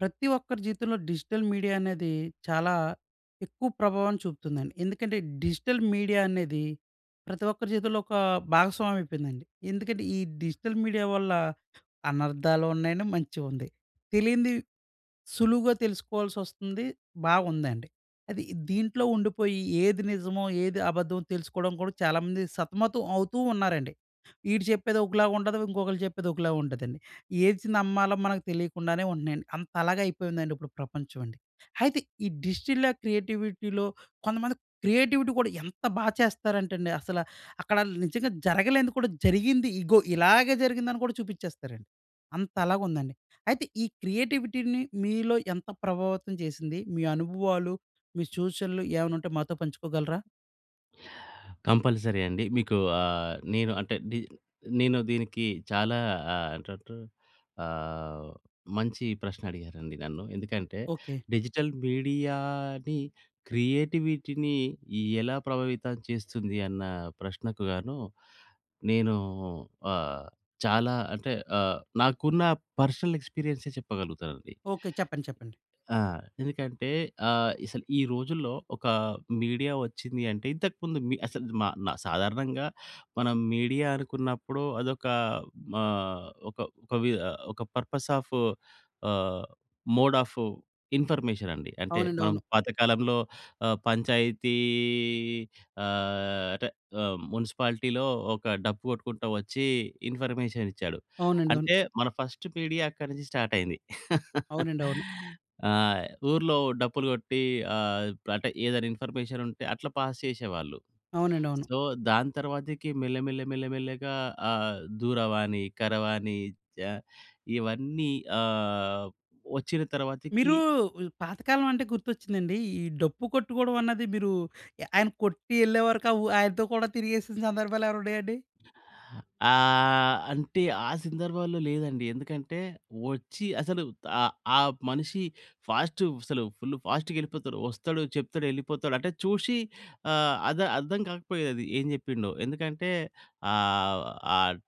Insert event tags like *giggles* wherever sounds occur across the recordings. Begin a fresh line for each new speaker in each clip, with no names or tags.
ప్రతి ఒక్కరి జీవితంలో డిజిటల్ మీడియా అనేది, చాలా ఎక్కువ ప్రభావం చూపుతుందండి. ఎందుకంటే డిజిటల్ మీడియా అనేది ప్రతి ఒక్కరి జీవితంలో ఒక భాగస్వామ్యం అయిపోయిందండి. ఎందుకంటే ఈ డిజిటల్ మీడియా వల్ల అనర్థాలు ఉన్నాయి అండీ, మంచి ఉంది. తెలియనిది, సులువుగా తెలుసుకోవాల్సి వస్తుంది. బాగుందండి. అది దీంట్లో ఉండిపోయి ఏది నిజమో, ఏది అబద్ధమో, తెలుసుకోవడం కూడా చాలా మంది సతమతం అవుతూ ఉన్నారండి. వీడు చెప్పేది ఒకలాగా ఉంటది. ఇంకొకళ్ళు చెప్పేది ఒకలాగా ఉంటది అండీ. ఏది నమ్మాలో మనకు తెలియకుండానే ఉంటన్నయండి. అంతలాగా అయిపోయిందండి ఇప్పుడు ప్రపంచం అండి. అయితే ఈ డిజిటిల క్రియేటివిటీ‌లో కొంతమంది క్రియేటివిటీ కూడా ఎంత బాగా చేస్తారంటండి అసల, అక్కడ నిజంగా జరగలేనిది కూడా జరిగింది, ఇగో ఇలాగే జరిగిందని కూడా చూపించేస్తారండి. అంతలాగా ఉందండి. అయితే ఈ క్రియేటివిటీ‌ని మీలో ఎంత ప్రభావితం చేసింది? మీ అనుభవాలు, మీ చూచనలు ఏవైనా ఉంటే మాతో పంచుకోగలరా?
కంపల్సరీ అండి. మీకు ఆహ్, నేను అంటే డి నేను దీనికి చాలా ఆహ్, టటు ఆహ్, మంచి ప్రశ్న అడిగారండి నన్ను. ఎందుకంటే
ఓకే.
డిజిటల్ మీడియాని క్రియేటివిటీని ఎలా ప్రభావితం చేస్తుంది అన్న ప్రశ్నకు గాను నేను ఆహ్, చాలా అంటే ఆహ్, నాకున్న పర్సనల్ ఎక్స్‌పీరియన్సే చెప్పగలుగుతానండి.
ఓకే. చెప్పండి, చెప్పండి.
ఆ! ఎందుకంటే, ఆహ్, అసలు ఈ రోజుల్లో ఒక మీడియా వచ్చింది అంటే ఇంతకు ముందు మీ అసలు మా న సాధారణంగా మనం మీడియా అనుకున్నప్పుడు అదొక ఆహ్, ఒక ఒక వి ఒక purpose of ah, mode of information అండి. అంటే
అవునండి.
మనం
అవును.
పాతకాలంలో ఆ పంచాయతీ, ఆహ్, అంటే మునిసిపాలిటీలో ఒక డప్పు కొట్టుకుంటా వచ్చి ఇన్‌ఫర్మేషన్ ఇచ్చాడు.
అవునండి. అవును.
అంటే మన ఫస్ట్ మీడియా అక్కడి నుంచి స్టార్ట్ అయింది. *chuckles*
అవునండి. అవును.
ఆ! ఊర్లో డప్పు‌లు కొట్టి ఆహ్, అంటే ఏదైనా ఇన్‌ఫర్మేషన్ ఉంటే అట్లా పాస్ చేసేవాళ్ళు.
అవునండి. అవును.
సో, దాని తరువాతకి మెల్ల, మెల్ల, మెల్ల, మెల్లగా ఆహ్, దూరవాణి, కరవాణి చ ఇవన్నీ ఆహ్, వచ్చిన
మీరు
తరువాతకి
ఉ పాత కాలం అంటే గుర్తొచ్చిందండి. ఈ డప్పు కొట్టుకోవడం అన్నది మీరు ఆయన కొట్టి ఎళ్ళే వరకు ఉ ఆయనతో కూడా తిరిగేసిన సందర్భాలు ఏవైన ఉన్నాయండి? *giggles*
ఆహ్, అంటే ఆ సందర్భాల్లో లేదండి. ఎందుకంటే, వచ్చి అసలు ఆ ఆ మనిషి ఫాస్ట్ అసలు ఫుల్ ఫాస్ట్‌గ ఎళ్ళిపోతాడు. వస్తడు, చెప్తడు, ఎళ్ళిపోతాడు. అంటే చూషి ఆ! అర్ద అర్థం కాకపోయేది ఏం చెప్పిండో. ఎందుకంటే ఆహ్, ఆహ్,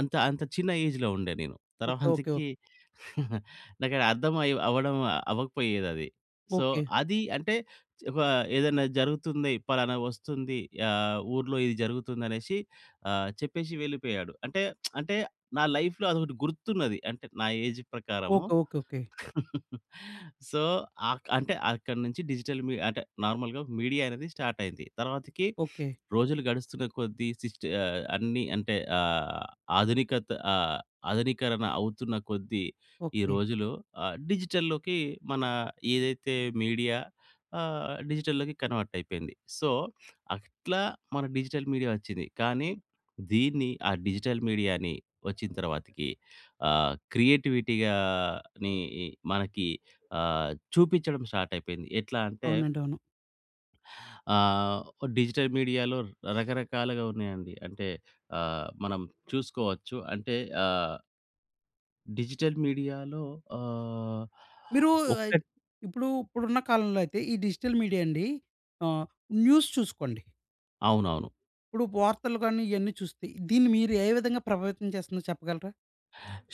అంత అంత చిన్న ఏజ్‌లో ఉండే నేను.
Okay, okay. ఓహ్!
తర్వాతకి *giggles* నాకు అర్థం అయి అవ్వడం అవ్వకపోయేది అది. So,
okay.
అది అంటే ఒక ఏదైనా జరుగుతుంది. పలానా వస్తుంది. ఆ! ఊర్లో ఇది జరుగుతుంది అనేసి ఆహ్, చెప్పేషి వెళ్ళిపోయాడు. అంటే *smacks lips* అంటే నా లైఫ్‌లో అదొకటి గుర్తున్నది. అంటే నా ఏజ్ ప్రకారము.
Okay, okay, okay.
*chuckles* సో, ఆక్ అంటే అక్కడి నుంచి డిజిటల్ మీడియా అంటే నార్మల్‌గా మీడియా అనేది స్టార్ట్ అయింది. తర్వాతకి
ఓకే.
*sniffs* రోజులు గడుస్తున్న కొద్ది, సిస్ట్ ఆహ్, అన్ని అంటే ఆహ్, ఆధునికత ఆహ్, ఆధునీకరణ అవుతున్న కొద్ది ఈ
ఓకే.
రోజులు ఆహ్, డిజిటల్‌లోకి మన ఏదైతే మీడియా ఆహ్, డిజిటల్‌లోకి కన్వర్ట్ అయిపోయింది. సో, అట్లా మన డిజిటల్ మీడియా వచ్చింది. కానీ దీన్ని ఆ డిజిటల్ మీడియాని వచ్చిన తరువాతికి ఆహ్, క్రియేటివిటీ గాని ఇ మనకి ఆ! చూపించడం స్టార్ట్ అయిపోయింది. ఎట్లా అంటే
అవునండీ. అవును.
ఆహ్, డిజిటల్ మీడియాలో రకరకాలుగా ఉన్నాయండి. అంటే ఆహ్, మనం చూసుకోవచ్చు. అంటే ఆ డిజిటల్ మీడియా‌లో ఆహ్,
మీరు
ఒక్క
అయ్ ఇప్పుడు, ఇప్పుడు ఉన్న కాలంలో అయితే ఈ డిజిటల్ మీడియా అండి ఆహ్, న్యూస్ చూసుకోండి
అవునవును.
ఇప్పుడు వార్తలు గాని, ఇయన్నీ చూస్తే దీన్ని మీరు ఏ విధంగా ప్రభావితం చేస్తుం‌దో చెప్పగలరా?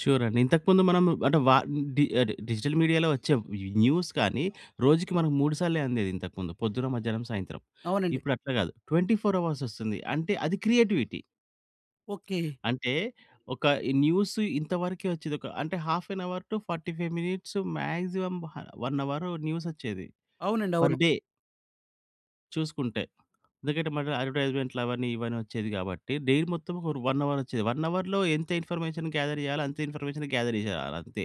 షూర్ అండి. ఇంతకు ముందు మనం అంటే, వ డి అంటే డిజిటల్ మీడియాలో వచ్చే న్యూస్ కాని, రోజుకి మనం మూడు సార్లు అందేది ఇంతకుముందు పొద్దున, మధ్యాహ్నం, సాయంత్రం.
అవునండి.
ఇప్పుడు అట్లా కాదు. 24 అవర్స్ వస్తుంది. అంటే, అది క్రియేటివిటీ.
ఓకే.
అంటే, ఒక ఈ న్యూసు ఇంత వరకే వచ్చేది ఒక, అంటే half an hour to 45 minutes, maximum హా 1 అవరు న్యూసొచ్చేది
అవునండి. అవును.
Per day. చూసుకుంటే. ఎందుకంటే, మగ అడ్వర్టైజ్మెంట్‌లు అవన్నీ ఇవన్నీ వచ్చేది కాబట్టి. డైలీ మొత్తం పోని ఫర్ 1 అవర్‌ వచ్చేది. 1 అవర్‌లో ఎంత ఇన్ఫర్మేషన్ గ్యాదర్ చెయ్యాలో, అంతే ఇన్ఫర్మేషన్ గ్యాదర్ చేయాలంతే.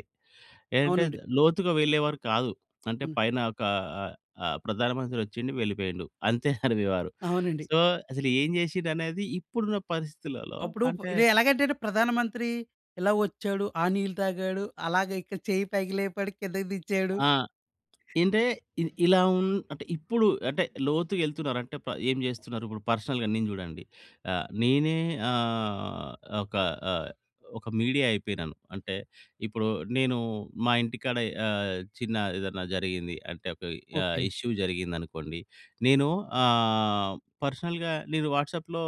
ఏంటంటే
అవునండి.
లోతుగా వెళ్ళేవారు కాదు. అంటే,
అవును.
పైన ఒక ఆహ్, ఆహ్, ఆహ్, ప్రధానమంత్రి వచ్చిండు, వెళ్ళిపోయిండు అంతే చదివేవారు. *chuckles*
అవునండి.
సో, అసలేం చేసిం‌డనేది ఇప్పుడున్న పరిస్థితులలో
అప్పుడు ప్
అంటే
ఇది ఎలాగంటే అండి ప్రధానమంత్రి ఇలా వచ్చాడు, ఆ నీళ్ళు తాగాడు, అలాగే ఇక్కడ చెయ్యి పైకి లేపాడు, కిందకి దించాడు.
ఆ! ఇంటే ఇ ఇలా ఉం అంటే ఇప్పుడు అంటే లోతుగా వెళ్తున్నారు. అంటే ప ఏం చేస్తున్నారు? ఇప్పుడు పర్సనల్‌గా నేను చూడండి. ఆహ్, నేనే ఆహ్, ఒక ఆహ్, ఒక మీడియా అయిపోయినాను. అంటే ఇప్పుడు నేను మా ఇంటికాడ ఆహ్, చిన్న ఏదన్నా జరిగింది అంటే, ఒక ఆహ్,
ఓకే.
ఇష్యూ జరిగిందనుకోండి. నేను ఆహ్, పర్సనల్‌గా నేను వాట్సాప్‌లో,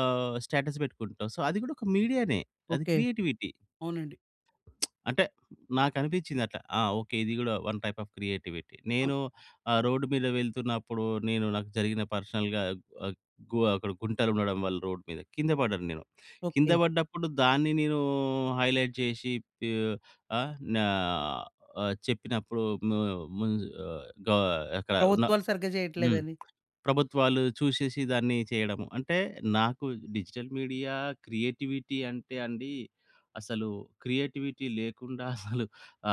ఆహ్, స్టేటస్ పెట్టుకుంటాం. సో, అది కూడా ఒక మీడియా‌నే. అది
ఓకే.
క్రియేటివిటీ.
అవునండి.
*smacks lips* అంటే నాకు అనిపించింది అట్లా ఆహ్, ఓకే. ఇది కూడా వన్ టైప్ ఆఫ్ క్రియేటివిటీ.
అవును.
నేను ఆహ్, రోడ్ మీద వెళ్తున్నప్పుడు, నేను నాకు జరిగిన పర్సనల్‌గా వ గోవ అక్కడ గుంటలు ఉండడం వల్ల రోడ్ మీద కింద పడ్డను నేను. కింద
ఓకే.
పడ్డప్పుడు దాన్ని నేను హైలైట్ చేసి, తి ఆ నా చెప్పినప్పుడు ము ముంజు ఆహ్, గ అక్కడ ఉన్న
ప్రభుత్వాలు సరిగ్గా
హ్మ్.
చేయట్లేదని.
ప్రభుత్వాలు చూసేసి దాన్ని చేయడము. అంటే, నాకు డిజిటల్ మీడియా క్రియేటివిటీ అంటే అండి, అసలు క్రియేటివిటీ లేకుండా అసలు *chuckles* ఆ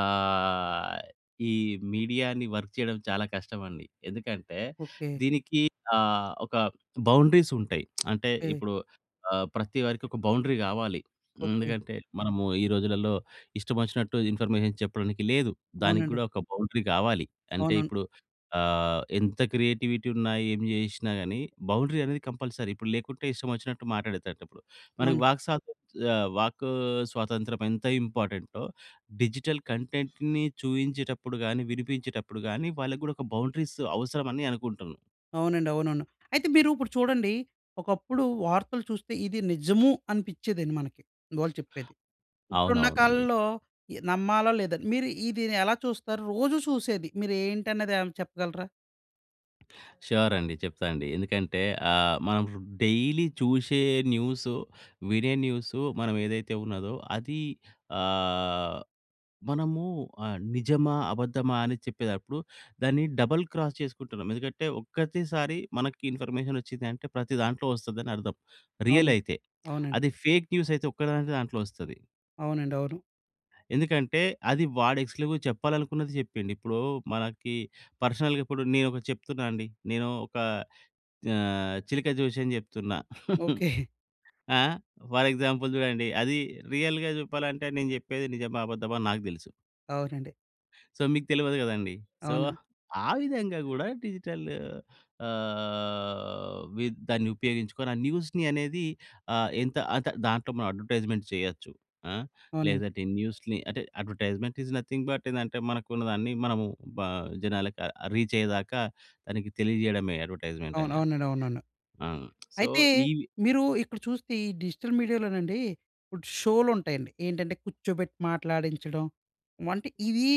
ఈ మీడియా‌ని వర్క్ చేయడం చాలా కష్టమండి. ఎందుకంటే,
ఓకే.
దీనికి ఆహ్, ఒక బౌండరీస్ ఉంటయి. *smacks lips* అంటే
యె
ఇప్పుడు ఆహ్, ప్రతి వారికి ఒక బౌండరీ కావాలి.
ఓకే.
ఎందుకంటే, మనము ఈ రోజులలో ఇష్టమొచ్చినట్టు ఇన్ఫర్మేషన్ చెప్పడానికి లేదు. దానికి
అవునండి.
కూడా ఒక బౌండరీ కావాలి. అంటే,
అవునం
ఇప్పుడు ఆహ్, ఎంత క్రియేటివిటీ ఉన్నా, ఏం చేసినా గాని, బౌండరీ అనేది కంపల్సరీ. ఇప్పుడు లేకుంటే, ఇష్టమొచ్చినట్టు మాటాడే‌తట్టిప్పుడు మనకి
అవునండి.
వాక్‌స‌త్ చ ఆ వాకు స్వాతంత్రం ఎంత ఇంపార్టెం‌టో, డిజిటల్ కంటెంట్‌ని చూయించేటప్పుడు గాని, వినిపించేటప్పుడు గాని వాళ్ళకి కూడా ఒక బౌండరీస్ అవసరం అని అనుకుంటాను.
అవునండి. అవునవును. అయితే మీరు ఇప్పుడు చూడండి, ఒకప్పుడు వార్తలు చూస్తే ఇది నిజము అనిపిచ్చేదండి మనకి వాళ్ళు చెప్పేది. ఇప్పుడున్న
అవునవునండి.
కాలంలో ఇ నమ్మాలా లేదా? మీరు ఈ దీన్ని ఎలా చూస్తారు? రోజు చూసేది. మీరు ఏంటన్నది ఏమైనా చెప్పగలరా?
ష్యూర్ అండి. చెప్తా‌ అండీ ఎందుకంటే ఆహ్, మనం డైలీ చూసే న్యూస్, వినే న్యూస్, మనం ఏదైతే ఉన్నదో అది ఆహ్, మనము ఆహ్, నిజమా? అబద్దమా? అని చెప్పేదప్పుడు దాన్ని డబుల్ క్రాస్ చేసుకుంటున్నాం. ఎందుకంటే, ఒక్కటిసారి మనకు ఇన్ఫర్మేషన్ వచ్చింది అంటే, ప్రతి దాంట్లో వస్తది అని అర్థం.
అవును.
రియల్ అయితే.
అవునండి.
అది ఫేక్ న్యూస్ అయితే ఒక్క దాం దాంట్లో వస్తది.
అవునండి. అవును.
ఎందుకంటే, అది వాడు ఎక్స్‌క్లూజివ్‌గా చెప్పాలనుకున్నది చెప్పిండు. ఇప్పుడు మనకి పర్సనల్‌గా కూడా నేను ఒకటి చెప్తున్నా అండి. నేను ఒక ఆహ్, చిలక జోష్యం చెప్తున్నా. *chuckles*
ఓకే. *chuckles*
ఆహ్, ఫర్ ఎగ్జాంపుల్ చూడండి, అది రియల్‌గా చెప్పాలంటే నేను చెప్పేది నిజమా? అబద్దమా? అని నాకు తెలుసు.
అవునండి.
సో, మీకు తెలవదు కదండీ! సో,
అవును.
ఆ విధంగా కూడా డిజిటల్ ఆహ్, విద్ దాన్ని ఉపయోగించుకొని ఆ న్యూస్‌‌ని అనేది ఆ ఎంత అంత దాంట్లో మనం అడ్వర్‌టై‌స్‌మెంట్స్ చేయొచ్చు. ఆహ్,
అవును.
లేదంటే, న్యూస్‌ని అంటే అడ్వర్‌టై‌స్‌మెంట్ ఈస్ నథింగ్ బట్, ఏందంటే, మనకున్నదాన్ని మనము బ జనాలకి ఆ రీచ్ అయ్యేదాక దానికి తెలియజేయడమే అడ్వర్‌టై‌స్‌‌‌‌మెంట్
అవును.
అని అంటే.
అవునండి. అవునండి.
అవును. సో,
అయితే
ఈ
మీరు ఇక్కడ చూస్తే ఈ డిజిటల్ మీడియాలోనండి. ఇప్పుడు షో‌లు ఉంటాయండి. ఏంటంటే, కూర్చోబెట్టి మాట్లాడించడం అంటే, ఇవి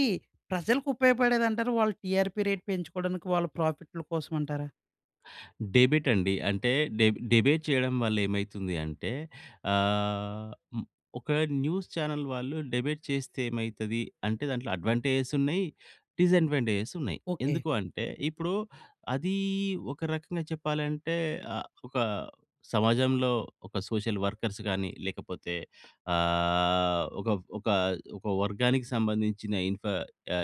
ప్రజలకు ఉపయోగపడేది అంటారా? వాళ్ళు టీఆర్పీ రేట్ పెంచుకోవడానికి వాళ్ళ ప్రాఫిట్‌ల కోసం అంటారా?
డిబేట్ అండి. అంటే డెబ్ డిబేట్ చేయడం వల్ల ఏమైతుంది అంటే ఆహ్, ఒక న్యూస్ చానెల్ వాళ్ళు డిబేట్ చేస్తే ఏమైతది అంటే దాంట్లో అడ్వాంటేజెస్ ఉన్నాయి, డిసడ్వాంటేజెస్ ఉన్నాయి.
ఓకే.
ఎందుకు అంటే, ఇప్పుడు అదీ ఒక రకంగా చెప్పాలంటే ఆహ్, ఒక సమాజంలో ఒక సోషల్ వర్కర్స్‌ గాని లేకపోతే ఆహ్, ఒక ఒక ఒక వర్గానికి సంబంధించిన ఇన్ఫర్ యా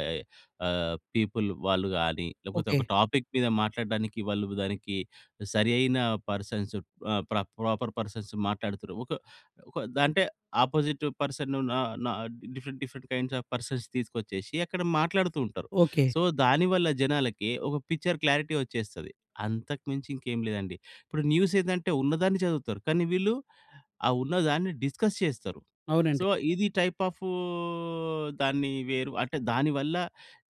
ఆహ్, పీపుల్ వాళ్ళు‌ గాని లేకపోతే ఒక
ఓకే.
టాపిక్ మీద మాట్లాడడానికి వాళ్ళు దానికి సరియై‌న పర్సన్స్ ఆహ్, ప్ర ప్రాపర్ పర్సన్స్ మాట్లాడుతుర్రు. ఒక ఒక అంటే, అపోజిట్ పర్సన్ న న different different kinds of persons తీసుకొచ్చేసి అక్కడ మాట్లాడుతూ ఉంటారు.
ఓకే.
సో, దాని వల్ల జనాలకి ఒక పిక్చర్ క్లారిటీ వచ్చేస్తది. అంతకు మించి ఇంకేమి లేదండి. ఇప్పుడు న్యూస్ ఏందంటే, ఉన్నదాన్ని చదువుతారు. కానీ వీళ్ళు ఆ ఉన్నదాన్ని డిస్కస్ చేస్తారు. సో,
అవునండి.
ఇది టైప్ ఆ‌ఫ్ దాన్ని వేరు అంటే దాని వల్ల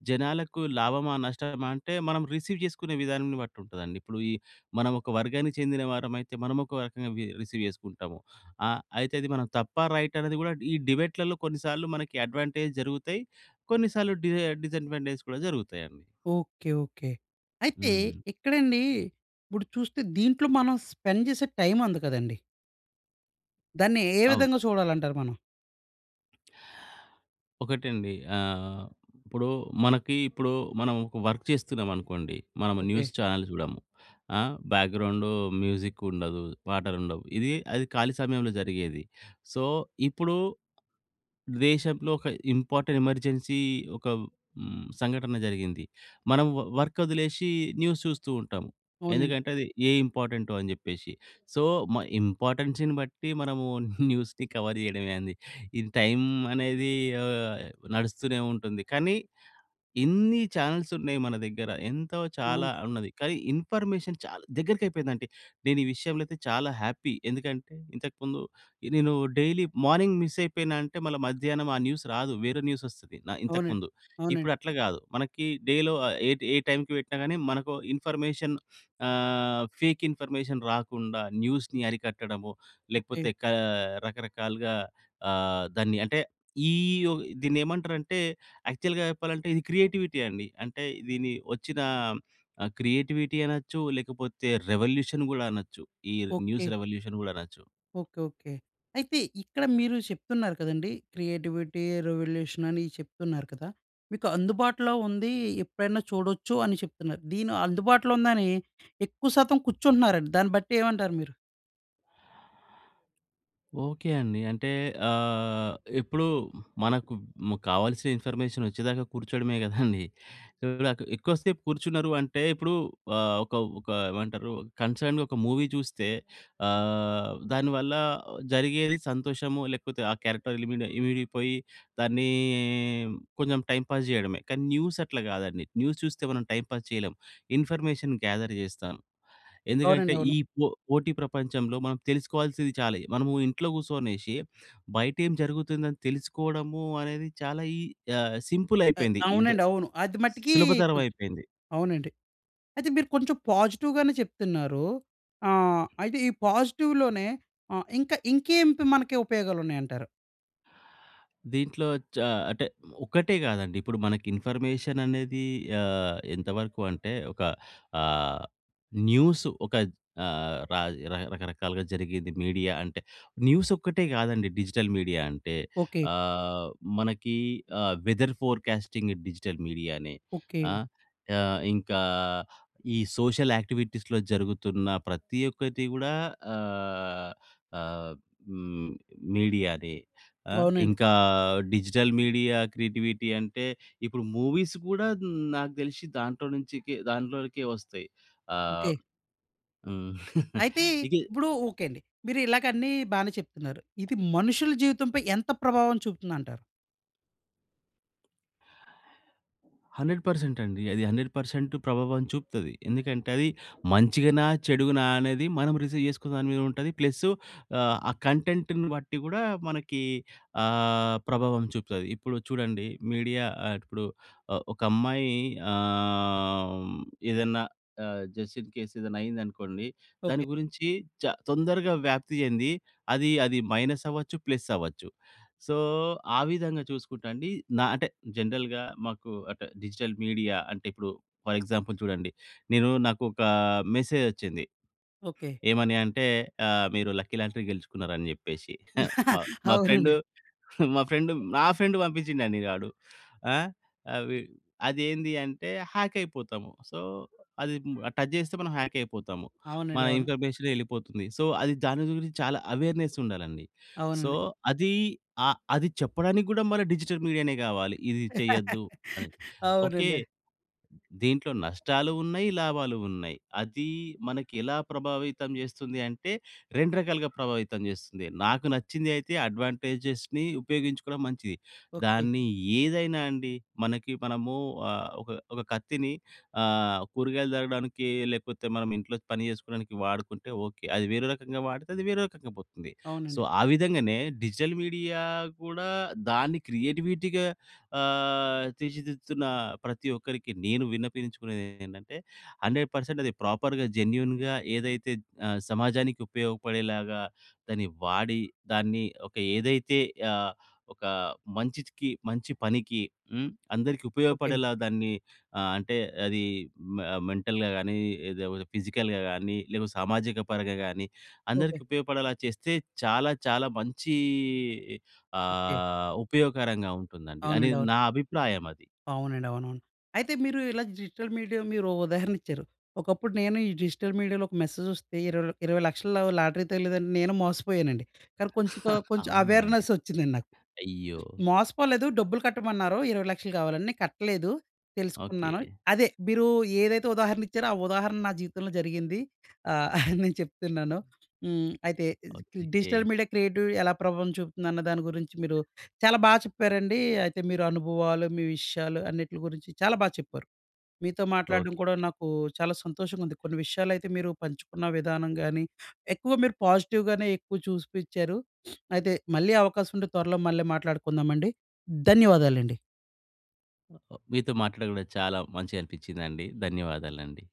జనాలకు లాభమా, నష్టమా అంటే మనం రిసీవ్ చేసుకునే విధానాన్ని బట్టి ఉంటదండి. ఇప్పుడు ఈ మనం ఒక వర్గానికి చెందిన వారమైతే మనము ఒక రకంగా వి రిసీవ్ చేసుకుంటాము. ఆహ్, అయితే అది మనం తప్ప, రైటా అన్న‌ది కూడా ఈ డిబేట్‌‌లలో కొన్నిసార్లు మనకి అడ్వాంటేజ్ జరుగుతాయి. కొన్ని సార్లు డిస డిసాడ్వాంటేజస్ కూడా జరుగుతాయండి.
ఓకే. ఓకే. అయితే
హ్మ్.
ఇక్కడ అండి ఇప్పుడు చూస్తే దీంట్లో మనం స్పెండ్ చేసే టైమ్ ఉంది కదండీ! దాన్ని ఏ
అవును.
విధంగా చూడాలి అంటారు మనం?
ఒకటండి ఆహ్, ఇప్పుడు మనకి ఇప్పుడు మనం ఒక వర్క్ చేస్తున్నాం అనుకోండి. మనము
ఓకే.
న్యూస్ చానెల్స్ చూడము. ఆ! బ్యాక్‌గ్రౌండు మ్యూజిక్ ఉండదు. పాటలుండవు. ఇది అది ఖాళీ సమయంలో జరిగేది. సో, ఇప్పుడు దేశంలో ఒక ఇంపార్టెంట్ ఎమర్జెన్సీ ఒక హ్మ్, సంఘటన జరిగింది. మనం వ వర్క్ వదిలేసి న్యూస్ చూస్తూ ఉంటాం.
అవునండి.
ఎందుకంటే, అది ఏ ఇంపార్టెంటో అని జెప్పేసి. సో, మ ఇంపార్టెన్సీని బట్టి మనము న్యూస్‌ని కవర్ *chuckles* జేయడమే ఏంది. ఇది టైం అనేది ఆహ్, నడుస్తూనే ఉంటుంది. కానీ ఇన్ని చానెల్స్ ఉన్నాయి మన దగ్గర. ఎంతో చాలా
అవును.
ఉన్నది. కానీ, ఇన్ఫర్మేషన్ చాలా దగ్గరికి అయిపోయిందంటే, నేను ఈ విషయంలో అయితే చాలా హ్యాపీ. ఎందుకంటే, ఇంతకు ముందు నేను డైలీ మార్నింగ్ మిస్ అయిపోయిన అంటే, మళ్ళ మధ్యాహ్నం ఆ న్యూస్ రాదు. వేరే న్యూస్ వస్తది న ఇంతకు
అవునండి.
ముందు.
అవునండి.
ఇప్పుడు అట్లా గాదు. మనకి డేలో ఆహ్, ఏ ఏ టైంకి పెట్టినా గాని మనకు ఇన్ఫర్మేషన్ ఆహ్, ఫేక్ ఇన్ఫర్మేషన్ రాకుండా, న్యూస్‌ని అరికట్టడము.
ఓకే.
లేకపోతే క రకరకాలుగా ఆహ్, దాన్ని అంటే ఈ ఓహ్! దీన్ని ఏమంటారంటే, యాక్చువల్‌గా చెప్పాలంటే, ఇది క్రియేటివిటీ అండి. అంటే దీని వచ్చిన ఆహ్, క్రియేటివిటీ అనొచ్చు లేకపోతే, రివల్యూషన్ కూడా అనొచ్చు ఈ
ఓకే.
న్యూస్ రివల్యూషన్ గూడా అనొచ్చు.
Okay, okay. అయితే ఇక్కడ మీరు చెప్తున్నారు కదండీ. క్రియేటివిటీ, రివల్యూషన్ అని చెప్తున్నారు కదా! మీకు అందుబాటులో ఉంది ఎప్పుడైనా చూడొచ్చు అని చెప్తున్నారు. దీని అందుబాటులో ఉందని ఎక్కువ శాతం కూర్చుంటున్నారండి, దాన్ని బట్టి ఏమంటారు మీరు?
ఓకే అండి. అంటే ఆహ్, ఇప్పుడు మనకు ము కావాల్సిన ఇన్ఫర్మేషన్ వచ్చేదాకా కూర్చోడమే గదండీ. ఇప్పుడు నాకు ఎక్కువ సేపు కూర్చున్నారు అంటే ఇప్పుడు ఆహ్, ఒక, ఒక ఏమంటారు కన్సర్డ్‌గా ఒక మూవీ చూస్తే ఆహ్, దాని వల్ల జరిగేది సంతోషము లేకపోతే ఆ క్యారెక్టర్ లిమిడి ఇమిడిపోయి దాన్నీ కొంచెం టైమ్ పాస్ జేయడమే. కానీ న్యూస్ అట్లా కాదండీ. న్యూస్ చూస్తే మనం టైమ్ పాస్ చేయలేం. ఇన్ఫర్మేషన్ గ్యా‌ధర్ జేస్తా‌ను. ఎందుకంటే
అవునండి.
ఈ
అవును.
పొ పోటీ ప్రపంచంలో మనం తెలుసుకోవాల్సింది చాలై మనము ఇంట్లో కూచోనేసి బయటేం జరుగుతుందని తెలుసుకోవడము అనేది చాలా ఈ అహ్, సింపుల్
అహ్,
అయిపోయింది. ఈద
అవునండి. అవును. అది మట్టికీ
సులభతరమైపోయింది.
అవునండి. అయితే మీరు కొంచెం పాజిటివ్‌గానే చెప్తున్నారు. ఆహ్, అయితే ఈ పాజిటివ్‌లోనే అహ్, ఇంకా ఇంకేంటి మనకి ఉపయోగాలున్నాయంటారు?
దీంట్లో చ అంటే ఒక్కటే గాదండి. ఇప్పుడు మనకి ఇన్ఫర్మేషన్ అనేది ఆహ్, ఎంతవరకు అంటే ఒక ఆహ్, న్యూస్ ఒక ఆహ్, ర రకరకాలుగా జరిగేది. మీడియా అంటే న్యూస్ ఒక్కటే గాదండి డిజిటల్ మీడియా అంటే.
ఓకే.
ఆహ్, మనకి ఆహ్, వెదర్ ఫోర్‌కాస్టింగ్ డిజిటల్ మీడియా‌నే ఆ!
ఓకే.
ఆహ్, ఇంకా ఈ సోషల్ యాక్టివిటీస్‌లో జరుగుతున్న ప్రతి ఒక్కటి కూడా ఆహ్, ఆహ్, హ్మ్ మీడియాదే. ఆ!
అవునండి.
ఇంకా డిజిటల్ మీడియా క్రియేటివిటీ అంటే ఇప్పుడు మూవీస్ కూడా నాకు దెలిషి దాంట్లో నుంచికె దాంట్లోనికే వస్తాయి. ఆహ్,
ఓకే.
హ్మ్. *chuckles*
అయితే
ఇది
ఇప్పుడు ఓకే అండి. మీరు ఇలాగ అన్ని బానే చెప్తున్నారు. ఇది మనుషుల జీవితం పై ఎంత ప్రభావం చూపుతుందంటారు?
100% అండి. అది 100% ప్రభావం చూపుతది. ఎందుకంటే అది మంచిగానా? చెడుగానా? అనేది మనం రిసీవ్ చేసుకునే దాని మీద ఉంటది. ప్లస్సు ఆహ్, కంటెంట్‌ని బట్టి కూడా మనకి ఆహ్, ప్రభావం చూపుతది. ఇప్పుడు చూడండి, మీడియా ఆహ్, ఇప్పుడు ఒక అమ్మాయి ఆమ్ ఏదన్నా ఆహ్, జస్ట్ ఇన్ కేస్ ఏదైనా అయింది అనుకోండి. దాని
ఓకే.
గురించి చా తొందరగా వ్యాప్తి చెంది, అది, అది మైనస్ అవ్వచ్చు, ప్లస్ అవ్వచ్చు. సో, ఆ విధంగా చూసుకుంటే అండి, నా అంటే, జనరల్‌గా మాకు అంటే, డిజిటల్ మీడియా అంటే, ఇప్పుడు ఫర్ ఎగ్జాంపుల్ చూడండి. నేను నాకు ఒక మెసేజొచ్చింది.
ఓకే.
ఏమని అంటే, ఆహ్, "మీరు లక్కీ లాంటరీ గెలుచుకున్నారు" అని చెప్పేసి. *chuckles*
*laughs*
మా మా ఫ్రెండూ,
అవునండి.
మా ఫ్రెండూ, నా ఫ్రెండూ పంపించిందండి గాడు. ఆ! అవి అదేంది అంటే, హ్యాకయిపోతాము. సో, అది ము టచ్ చేస్తే మనం హ్యాకయిపోతాము. మన
అవునండి. అవును.
ఇన్ఫర్మేషన్ ఎళ్ళిపోతుంది. సో, అది దాని గురించి చాలా అవేర్నెస్సుండాలండి. సో,
అవునండి.
అది అ అది చెప్పడానికి గూడా మన డిజిటల్ మీడియానే కావాలి. ఇది చెయ్యొద్దు అని.
*laughs*
ఓకే,
అవునండి.
దీంట్లో నష్టాలున్నాయి, లాభాలున్నాయి. అది మనకి ఎలా ప్రభావితం చేస్తుంది అంటే, 2 రకాలుగా ప్రభావితం చేస్తుంది. నాకు నచ్చిందయితే అడ్వాంటేజెస్‌ని ఉపయోగించుకోవడం మంచిది.
ఓకే.
దాన్ని ఏదైనా అండి, మనకి మనము ఆహ్, ఒక, ఒక కత్తిని ఆహ్, కూరగాయలు తరగడానికి లేకపోతే మనం ఇంట్లో పని చేసుకోడానికి వాడుకుంటే ఓకే. అది వేరే రకంగా వాడితే అది వేరే రకంగా పోతుంది. సో,
అవునండి
ఆ! విధంగానే డిజిటల్ మీడియా కూడా దాన్ని క్రియేటివిటీగా, ఆహ్, తీర్చిదిద్దుతున్న ప్రతి ఒక్కరికి నేను విన్నపించుకునేది ఏంటంటే, 100% అది ప్రోపర్‌గా జెన్యూన్‌గా ఏదైతే ఆహ్, సమాజానికి ఉపయోగపడేలాగా దాన్ని వాడి, దాన్ని ఒక ఏదైతే ఆహ్, ఒక మంచికి, మంచి పనికి హ్మ్, అందరికి
ఓకే.
ఉపయోగపడేలా దాన్ని ఆహ్, అంటే అది మె మెంటల్‌గా గాని, లేకపోతే ఫిజికల్‌గా గాని, లేదా సామాజిక పరంగా గాని,
ఓకే.
అందరికి ఉపయోగపడేలా చేస్తే చాలా, చాలా మంచి
ఓకే.
ఆహ్, ఉపయోగకరంగా ఉంటుందండి.
అవునండీ.
అనేది
అవును.
నా అభిప్రాయం అది.
అవునండి. అవునవును. అయితే మీరు ఇలా డిజిటల్ మీడియా మీరు ఉదాహరణిచ్చారు. ఒకప్పుడు నేను ఈ డిజిటల్ మీడియాలో ఒక మెసేజొస్తే 20, 20,00,000 లాటరీ తగిలేదంటే నేను మోసపోయానండి. కానీ కొంచెం,
*chuckles*
కొంచెం
అవునాండి.
అవేర్నెస్సొచ్చిందండి నాకు.
అయ్యో!
మోసపోలేదు డబ్బులు కట్టమన్నారు 20,00,000 కావాలని నేను కట్టలేదు, తెలుసుకున్నాను.
ఓకే.
అదే మీరు ఏదైతే ఉదాహరణ ఇచ్చారో, ఆ ఉదాహరణ నా జీవితంలో జరిగింది ఆహ్, *chuckles* నేను చెప్తున్నాను హ్మ్. అయితే is digital
okay.
Media creativity ఎలా ప్రభావం చూపుతుందన్న దాని గురించి మీరు చాలా బా చెప్పారండి. అయితే మీరు అనుభవాలు, మీ విషయాలు, అన్నిటి గురించి చాలా బాగా చెప్పారు. మీతో మాట్లాడడం
ఓకే.
కూడా నాకు చాలా సంతోషంగా ఉంది. కొన్ని విషయాలు అయితే, మీరు పంచుకున్న విధానం గాని, ఎక్కువ మీరు పాజిటివ్ గానే ఎక్కువ చూసిపిచ్చారు. *sniffs* అయితే మళ్ళీ అవకాశం ఉంటే త్వరలో మళ్ళీ మాట్లాడుకుందాం అండి. ధన్యవాదాలు అండి.
మీతో మాట్లాడడంగూడా చాలా మంచిగా అనిపించిందండి. ధన్యవాదాలండి.